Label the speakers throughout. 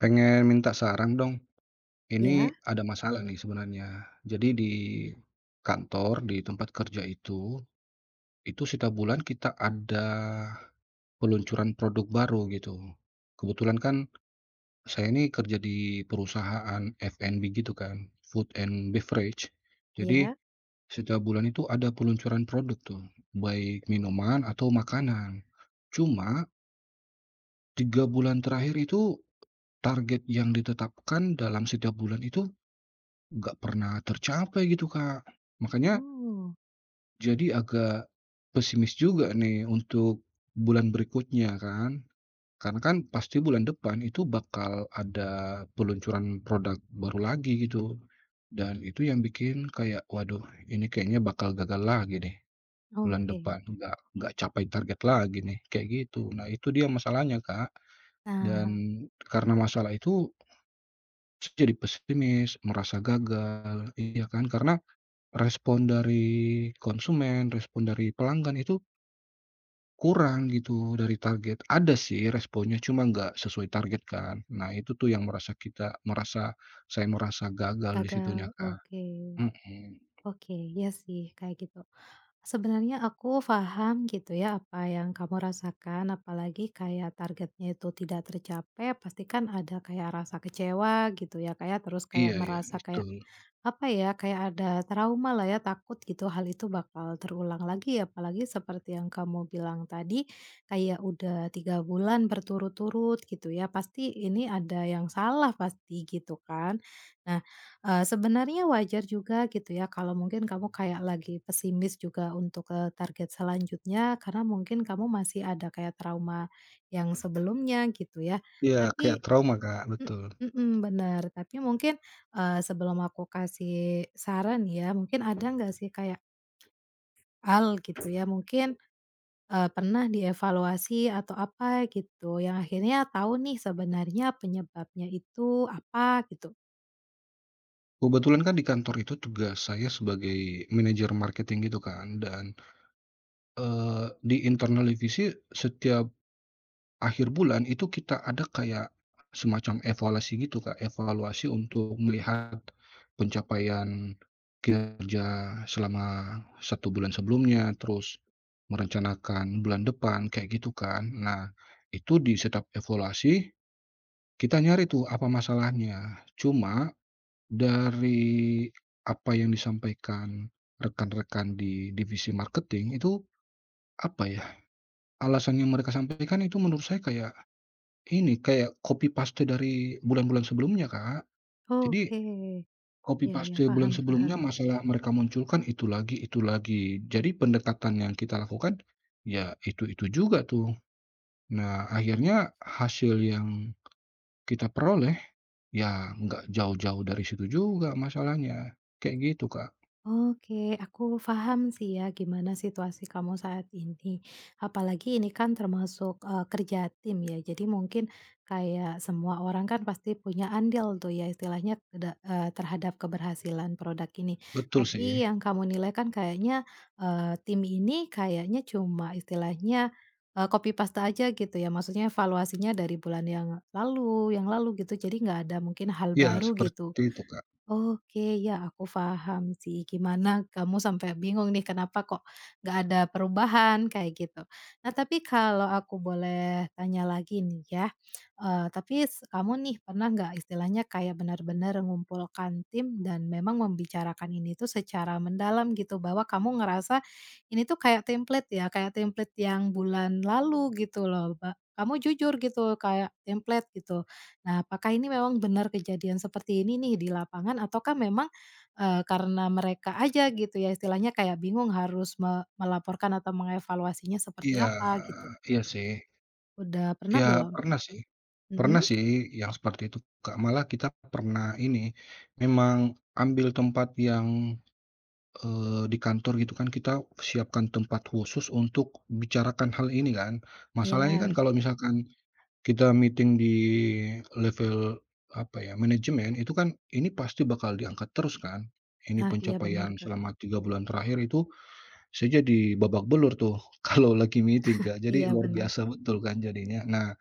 Speaker 1: Pengen minta saran dong.
Speaker 2: Iya.
Speaker 1: Ini ada masalah nih sebenarnya. Jadi di kantor, di tempat kerja itu, itu setiap bulan kita ada, peluncuran produk baru gitu. Kebetulan kan saya ini kerja di perusahaan F&B gitu kan, food and beverage jadi,
Speaker 2: Iya.
Speaker 1: setiap bulan itu ada peluncuran produk tuh, baik minuman atau makanan. Cuma 3 bulan terakhir itu, target yang ditetapkan dalam setiap bulan itu, enggak pernah tercapai gitu Kak, makanya
Speaker 2: Oh.
Speaker 1: jadi agak pesimis juga nih, untuk bulan berikutnya kan. Karena kan pasti bulan depan itu bakal ada peluncuran product baru lagi gitu. Dan itu yang bikin kayak, waduh, ini kayaknya bakal gagal lagi deh bulan
Speaker 2: Oke.
Speaker 1: depan nggak nggak capai target lagi nih, kayak gitu. Nah itu dia masalahnya Kak, dan
Speaker 2: Ah.
Speaker 1: karena masalah itu jadi pesimis, merasa gagal. Iya kan karena respon dari konsumen, respon dari pelanggan, itu kurang gitu dari target, ada sih responnya cuma nggak sesuai target kan. Nah itu tuh yang merasa kita merasa saya merasa gagal di situnya,
Speaker 2: Gagal,
Speaker 1: Kak.
Speaker 2: oke,
Speaker 1: Mhm.
Speaker 2: oke ya sih kayak gitu. Sebenarnya aku paham gitu ya apa yang kamu rasakan, apalagi kayak targetnya itu tidak tercapai, pastikan ada kayak rasa kecewa gitu ya Kak ya, terus kayak
Speaker 1: Iya iya
Speaker 2: merasa kayak,
Speaker 1: betul.
Speaker 2: apa ya, kayak ada trauma lah ya, takut gitu hal itu bakal terulang lagi apalagi seperti yang kamu bilang tadi, kayak udah 3 bulan berturut-turut gitu ya, pasti ini ada yang salah pasti gitukan. Nah, eee, sebenarnya wajar juga gitu ya, kalau mungkin kamu kayak lagi pesimis juga, eee, untuk ke target selanjutnya, karena mungkin kamu masih ada kayak trauma yang sebelumnya gitu ya.
Speaker 1: Iya kayak
Speaker 2: tapi,
Speaker 1: trauma Kak,
Speaker 2: m
Speaker 1: betul.
Speaker 2: mhm benar. Tapi, mungkin, eee, sebelum aku kasih saran ya, mungkin ada nggak sih, kayak ...gitu ya mungkin, eee, pernah dievaluasi atau apa gitu. Yang akhirnya tahu nih, sebenarnya penyebabnya itu apa gitu?
Speaker 1: Kebetulan kan di kantor itu tugas saya sebagai, manajer marketing gitu kan, dan eee, di internal divisi setiap akhir bulan itu kita ada kayak semacam evaluasi gitu Kak, evaluasi untuk melihat pencapaian kerja selama 1 bulan sebelumnya. Terus merencanakan bulan depan, kayak gitu kan. Nah itu di setiap evaluasi, kita nyari tuh apa masalahnya. Cuma, dari apa yang disampaikan rekan-rekan di divisi marketing itu, apa ya, alasan yang mereka sampaikan itu menurut saya, kayak ini, kayak copy-paste dari bulan-bulan sebelumnya Kak. Jadi
Speaker 2: Oke, iya iya,
Speaker 1: copy-paste bulan
Speaker 2: paham
Speaker 1: sebelumnya,
Speaker 2: paham.
Speaker 1: masalah mereka munculkan itu lagi itu lagi. Jadi pendekatan yang kita lakukan ya itu-itu juga tuh. Nah, akhirnya hasil yang kita peroleh, ya enggak jauh-jauh dari situ juga masalahnya kayak gitu Kak.
Speaker 2: Oke aku paham sih ya gimana situasi kamu saat ini, apalagi ini kan termasuk, eee, kerja tim ya. Jadi mungkin kayak semua orang kan pasti punya andil tuh ya istilahnya de eee, terhadap keberhasilan product ini.
Speaker 1: Betul
Speaker 2: Tapi
Speaker 1: sih.
Speaker 2: yang kamu nilai kan kayaknya, eee, tim ini kayaknya cuma istilahnya, eee, copy-paste aja gitu ya, maksudnya evaluasinya dari bulan yang lalu yang lalu gitu, jadi nggak ada mungkin hal
Speaker 1: Iya,
Speaker 2: baru gitu.
Speaker 1: seperti itu Kak.
Speaker 2: Oke, ya aku paham sih, gimana kamu sampai bingung nih kenapa kok nggak ada perubahan, kayak gitu. Nah tapi kalau aku boleh tanya lagi nih ya, eee, tapi s kamu nih pernah nggak istilahnya kayak benar-benar mengumpulkan tim, dan memang membicarakan ini tuh secara mendalam gitu bahwa kamu ngerasa, ini tuh kayak template ya, kayak template yang bulan lalu gitu loh, ba kamu jujur gitu kayak template gitu? Nah apakah ini memang benar kejadian seperti ini nih di lapangan, ataukah memang, eee, karena mereka aja gitu ya, istilahnya kayak bingung harus me melaporkan atau mengevaluasinya seperti
Speaker 1: Iya,
Speaker 2: apa gitu.
Speaker 1: iya sih.
Speaker 2: Udah pernah
Speaker 1: Iya
Speaker 2: belum?
Speaker 1: pernah sih, pernah
Speaker 2: Mhm.
Speaker 1: sih yang, seperti itu Kak. Malah kita pernah ini, memang ambil tempat yang, eee, di kantor gitu kan kita siapkan tempat khusus untuk bicarakan hal ini kan, masalahnya kan
Speaker 2: Iya.
Speaker 1: kalau misalkan kita meeting di level, apa ya, manajemen, itu kan ini pasti bakal diangkat terus kan, ini
Speaker 2: Ah, iya benar
Speaker 1: pencapaian
Speaker 2: Kak.
Speaker 1: selama 3 bulan terakhir itu saya jadi babak belur tuh, kalau lagi meeting Kak, jadi
Speaker 2: Iya
Speaker 1: luar
Speaker 2: benar.
Speaker 1: biasa betul kan jadinya. Nah,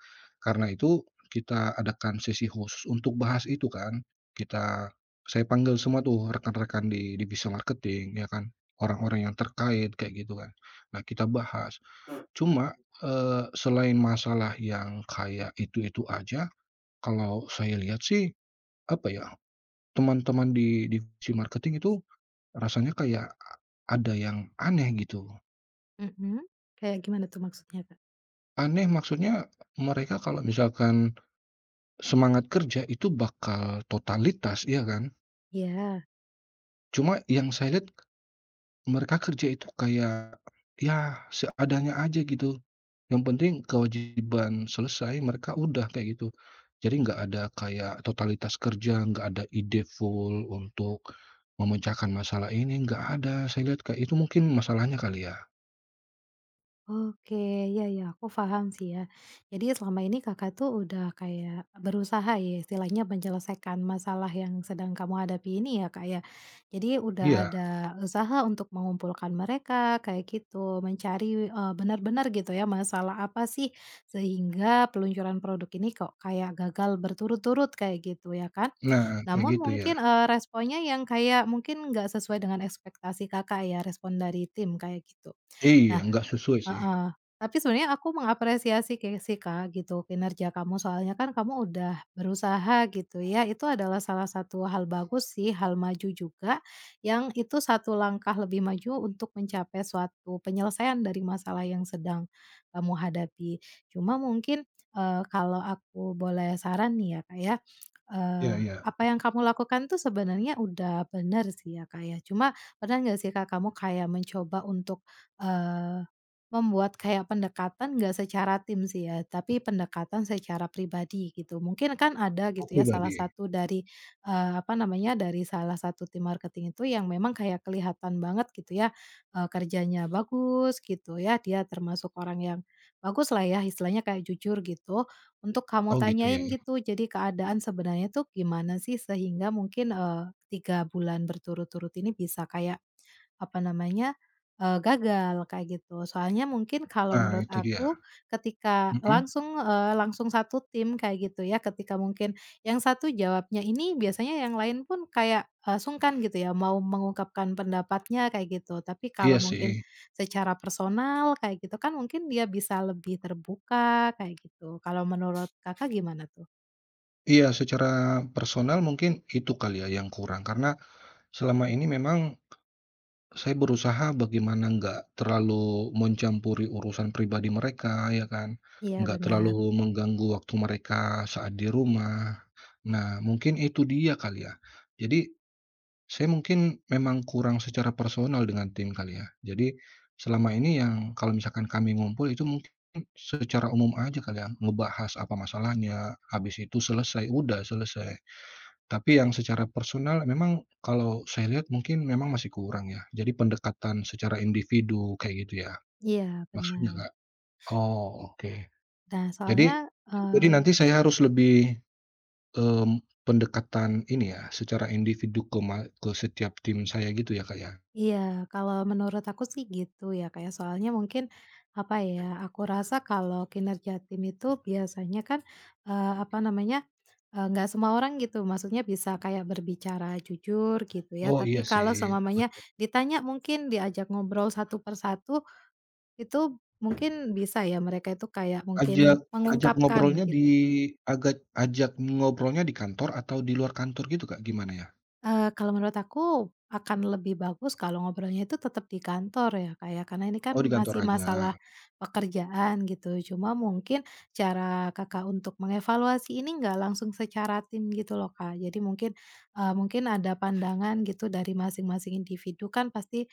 Speaker 1: karena itu, kita adakan sesi khusus untuk bahas itu kan, kita saya panggil semua tuh rekan-rekan di divisi marketing ya kan, orang-orang yang terkait kayak gitu kan, nah kita bahas. Cuma, eee, selain masalah yang kayak itu-itu aja, kalau saya lihat sih, apa ya, teman-teman di divisi marketing itu, rasanya kayak, ada yang aneh gitu.
Speaker 2: Mhm, kayak gimana tuh maksudnya Kak?
Speaker 1: Aneh maksudnya mereka kalau misalkan, semangat kerja itu bakal totalitas ya kan?
Speaker 2: Iya.
Speaker 1: Cuma yang saya lihat, mereka kerja itu kayak, ya, seadanya aja gitu. Yang penting kewajiban selesai mereka udah kayak gitu, jadi nggak ada kayak totalitas kerja, nggak ada ide full untuk memecahkan masalah ini nggak ada, saya lihat, kayak itu mungkin masalahnya kali ya?
Speaker 2: Oke iya iya aku paham sih ya. Jadi selama ini Kakak tuh udah kayak berusaha ya. Istilahnya menyelesaikan masalah yang sedang kamu hadapi ini ya Kak ya, jadi udah
Speaker 1: Iya.
Speaker 2: ada usaha untuk mengumpulkan mereka kayak gitu, mencari, eee, benar-benar gitu ya masalah apa sih, sehingga peluncuran produk ini kok kayak gagal berturut-turut kayak gitu ya kan.
Speaker 1: Nah, kayak
Speaker 2: Namun
Speaker 1: gitu,
Speaker 2: mungkin,
Speaker 1: iya.
Speaker 2: eee, responnya yang kayak mungkin nggak sesuai dengan ekspektasi Kakak ya, respon dari tim kayak gitu.
Speaker 1: Iya,
Speaker 2: Nah
Speaker 1: enggak sesuai sih.
Speaker 2: heeh, tapi sebenarnya aku mengapresiasi sih Kak gitu, kinerja kamu soalnya kan kamu udah berusaha gitu ya, itu adalah salah satu hal bagus sih hal maju juga, yang itu 1 langkah lebih maju untuk mencapai suatu penyelesaian dari masalah yang sedang, kamu hadapi. Cuma mungkin, eee, kalau aku boleh saran nih ya Kak ya. Eee,
Speaker 1: Ya ya.
Speaker 2: apa yang kamu lakukan tuh sebenarnya udah benar sih ya Kak ya. Cuma pernah nggak sih Kak kamu kayak mencoba untuk, eee, membuat kayak pendekatan enggak secara tim sih ya, tapi pendekatan secara pribadi, gitu. Mungkin kan ada
Speaker 1: Oh,
Speaker 2: gitu ya salah
Speaker 1: pribadi?
Speaker 2: satu dari, eee, apa namanya, dari salah satu tim marketing itu yang memang kayak kelihatan banget gitu ya, eee, kerjanya bagus gitu ya, dia termasuk orang yang bagus lah ya istilahnya kayak jujur gitu, untuk kamu
Speaker 1: Oh gitu, ya
Speaker 2: tanyain
Speaker 1: ya.
Speaker 2: gitu, jadi keadaan sebenarnya tuh gimana sih sehingga mungkin eee, 3 bulan berturut-turut ini bisa kayak, apa namanya, eee, gagal kayak gitu, soalnya mungkin kalau
Speaker 1: Nah
Speaker 2: menurut
Speaker 1: itu dia,
Speaker 2: aku, ketika
Speaker 1: mhm.
Speaker 2: langsung eee, langsung satu tim kayak gitu ya ketika mungkin yang satu jawabnya ini, biasanya yang lain pun kayak, eee, sungkan gitu ya mau mengungkapkan pendapatnya kayak gitu, tapi kalau
Speaker 1: Iya
Speaker 2: mungkin
Speaker 1: sih.
Speaker 2: secara personal kayak gitu kan mungkin dia bisa lebih terbuka kayak gitu, kalau menurut Kakak gimana tuh?
Speaker 1: Iya secara personal mungkin itu kali ya yang kurang, karena, selama ini memang, saya berusaha bagaimana enggak terlalu mencampuri urusan pribadi mereka ya kan,
Speaker 2: Iya
Speaker 1: enggak
Speaker 2: benar.
Speaker 1: terlalu mengganggu waktu mereka saat di rumah. Nah, mungkin itu dia kali ya, jadi saya mungkin memang kurang secara personal dengan tim kali ya? Jadi, selama ini yang kalau misalkan kami ngumpul itu mungkin secara umum aja kali ya, ngebahas apa masalahnya, habis itu selesai udah selesai. Tapi yang secara personal memang kalau saya lihat mungkin memang masih kurang ya, jadi pendekatan secara individu kayak gitu ya,
Speaker 2: Iya,
Speaker 1: maksudnya
Speaker 2: benar.
Speaker 1: Kak? Oh, oke.
Speaker 2: Nah
Speaker 1: Jadi
Speaker 2: soalnya,
Speaker 1: jadi
Speaker 2: eee
Speaker 1: nanti saya harus lebih, mmm, pendekatan ini ya secara individu ke ma ke setiap tim saya gitu ya Kak ya?
Speaker 2: Iya, kalau menurut aku sih gitu ya, kayak soalnya mungkin apa ya, aku rasa kalau kinerja tim itu biasanya kan, eee, apa namanya nggak, eee, semua orang gitu maksudnya bisa kayak berbicara jujur gitu ya
Speaker 1: Oh
Speaker 2: tapi,
Speaker 1: iya sih,
Speaker 2: kalau seumpamanya
Speaker 1: betul.
Speaker 2: ditanya mungkin diajak ngobrol satu per satu itu mungkin bisa ya mereka itu kayak, mungkin
Speaker 1: Ajak ajak
Speaker 2: mengungkapkan
Speaker 1: ngobrolnya di
Speaker 2: gitu.
Speaker 1: agat ajak ngobrolnya di kantor, atau di luar kantor gitu Kak gimana ya?
Speaker 2: Eee, kalau menurut aku, akan lebih bagus kalau ngobrolnya itu tetap di kantor ya Kak ya, karena ini kan
Speaker 1: Oh di kantor
Speaker 2: masih masalah
Speaker 1: aja?
Speaker 2: pekerjaan gitu. Cuma mungkin, cara Kakak untuk mengevaluasi ini enggak langsung secara tim gitu loh Kak, jadi mungkin, eee, mungkin ada pandangan gitu dari masing-masing individu kan pasti,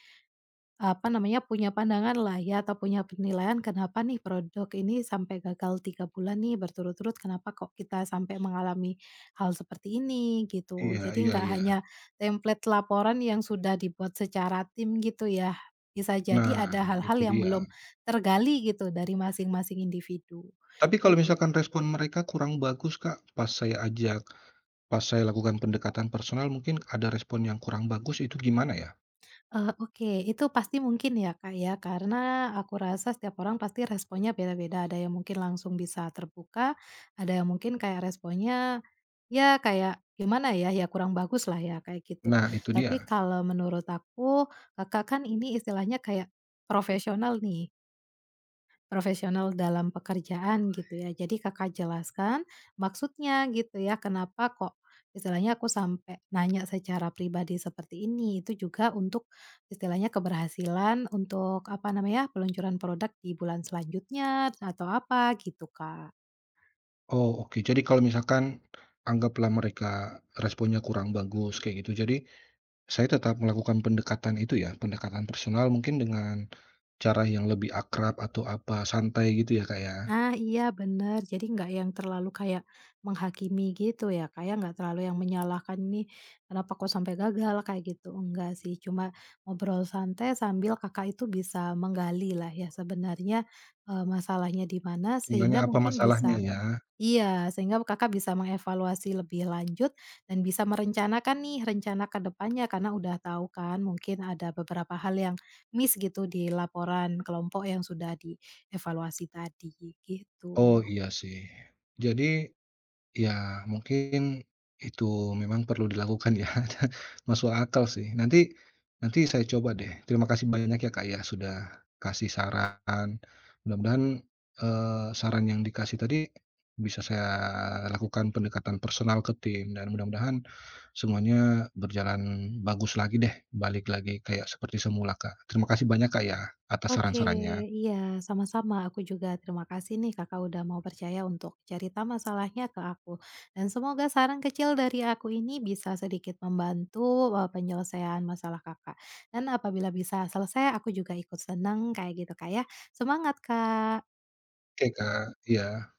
Speaker 2: apa namanya punya pandangan lah ya atau punya penilaian, kenapa nih produk ini sampai gagal 3 bulan nih berturut-turut, kenapa kok kita sampai mengalami hal seperti ini, gitu.
Speaker 1: Iya,
Speaker 2: Jadi
Speaker 1: iya
Speaker 2: enggak hanya
Speaker 1: iya.
Speaker 2: template laporan yang sudah dibuat secara tim gitu ya, bisa jadi
Speaker 1: Nah,
Speaker 2: ada hal-hal
Speaker 1: itu
Speaker 2: yang
Speaker 1: dia.
Speaker 2: belum, tergali gitu, dari masing-masing individu,
Speaker 1: Tapi kalau
Speaker 2: gitu.
Speaker 1: misalkan respon mereka kurang bagus Kak? Pas saya ajak pas saya lakukan pendekatan personal mungkin ada respon yang kurang bagus itu gimana ya?
Speaker 2: Eee, oke itu pasti mungkin ya Kak ya, karena, aku rasa setiap orang pasti responnya beda-beda. Ada yang mungkin langsung bisa terbuka, ada yang mungkin kayak responnya, ya kayak gimana ya, ya kurang bagus lah ya, kayak gitu.
Speaker 1: Nah, itu
Speaker 2: Tapi
Speaker 1: dia.
Speaker 2: kalau menurut aku, Kakak kan ini istilahnya kayak profesional nih. Profesional dalam pekerjaan gitu ya, jadi Kakak jelaskan, maksudnya gitu ya, kenapa kok, istilahnya aku sampai nanya secara pribadi seperti ini itu juga untuk istilahnya keberhasilan, untuk apa namanya, peluncuran product di bulan selanjutnya, atau apa, gitu Kak.
Speaker 1: Oh, oke. Jadi kalau misalkan, anggaplah mereka responnya kurang bagus kayak gitu jadi, saya tetap melakukan pendekatan itu ya? Pendekatan personal mungkin dengan cara yang lebih akrab atau apa, santai gitu ya Kak ya?
Speaker 2: Nah iya benar, jadi nggak yang terlalu kayak menghakimi gitu ya Kak ya, nggak terlalu yang menyalahkan, ini kenapa kok sampai gagal kayak gitu nggak sih. Cuma, ngobrol santai sambil Kakak itu bisa menggalilah ya sebenarnya, eee, masalahnya di mana
Speaker 1: Nanya
Speaker 2: sehingga
Speaker 1: apa
Speaker 2: mungkin
Speaker 1: masalahnya
Speaker 2: bisa
Speaker 1: ya?
Speaker 2: iya, sehingga Kakak bisa mengevaluasi lebih lanjut, dan bisa merencanakan nih rencana ke depannya karena udah tahu kan, mungkin ada beberapa hal yang miss gitu di laporan kelompok yang sudah di evaluasi tadi, gi
Speaker 1: Oh
Speaker 2: gitu.
Speaker 1: iya sih. Jadi, ya mungkin itu memang perlu dilakukan ya masuk akal sih, nanti nanti saya coba deh. Terima kasih banyak ya Kak ya, sudah kasih saran. Mudah-mudahan eee, saran yang dikasih tadi bisa saya lakukan pendekatan personal ke tim, dan mudah-mudahan semuanya berjalan bagus lagi deh, balik lagi kayak seperti semula Kak, terima kasih banyak Kak ya, atas
Speaker 2: Oke,
Speaker 1: saran-sarannya.
Speaker 2: iya, sama-sama, aku juga terima kasih nih Kakak udah mau percaya untuk cerita masalahnya ke aku. Dan semoga saran kecil dari aku ini bisa membantu, eee, penyelesaian masalah Kakak. Dan apabila bisa selesai aku juga ikut senang, kayak gitu Kak ya. Semangat Kak!
Speaker 1: Oke Kak, iya.